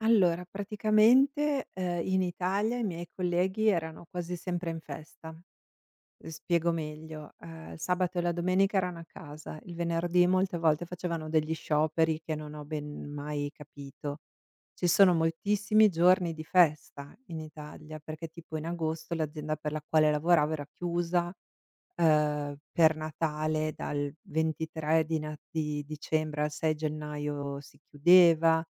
Allora, praticamente, uhm, in Italia, i miei colleghi erano quasi sempre in festa. Uhm, spiego meglio: uhm, il sabato e la domenica erano a casa, il venerdì molte volte facevano degli scioperi che non ho ben mai capito. Ci sono moltissimi giorni di festa in Italia, perché tipo in agosto l'azienda per la quale lavoravo era chiusa, uhm, per Natale dal 23 di Nat di dicembre al 6 gennaio si chiudeva,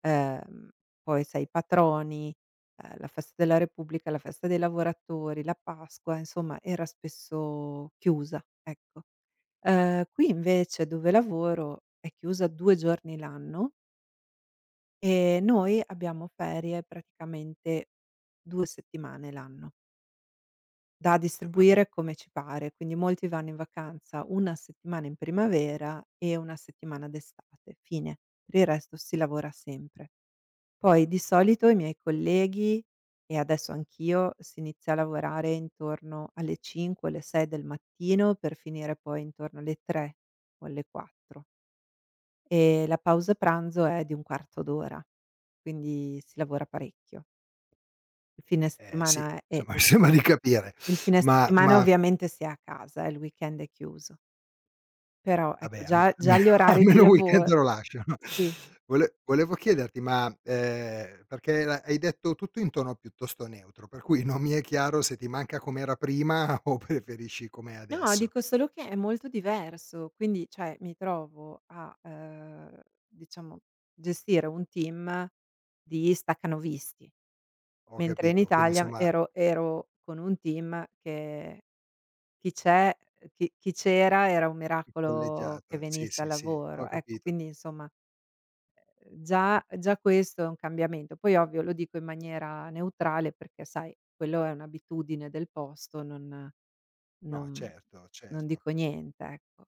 ehm, poi sai patroni, uhm, la festa della Repubblica, la festa dei lavoratori, la Pasqua, insomma era spesso chiusa, ecco. Uhm, qui invece dove lavoro è chiusa 2 giorni l'anno ehm, noi abbiamo ferie praticamente 2 settimane l'anno da E ma q distribuire come ci pare. Quindi molti vanno in vacanza una settimana in primavera e una settimana d'estate fine. Per il resto si lavora sempre. Poi di solito i miei colleghi, e adesso anch'io, si inizia a lavorare intorno alle 5 o alle 6 del mattino per finire poi intorno alle 3 o alle 4. Ehm, la pausa pranzo è di un quarto d'ora, quindi si lavora parecchio. Il fine Eh sì, settimana è somma u sembra di capire, il fine ma settimana ma ovviamente si è a casa, eh, il weekend è chiuso. Però ecco Vabbè alme già già almeno gli orari di almeno un weekend lavor te lo lasciano. sì. Vole volevo chiederti: ma, ehm, perché era hai detto tutto in tono piuttosto neutro, per cui non mi è chiaro se ti manca com'era prima o preferisci com'è No, adesso. dico solo che è molto diverso, quindi cioè mi trovo a, uhm, diciamo gestire un team di stacanovisti, Ho mentre in capito, quindi Italia insomma ero ero con un team che chi c'è chi chi c'era era un Più miracolo che polleggiato, sì, venisse al sì, sì, ho lavoro, ecco. capito. Quindi insomma, ehm, già già questo è un cambiamento. Poi ovvio lo dico in maniera neutrale perché, sai, quello è un'abitudine del posto, non No, non certo, non certo. dico niente, ecco.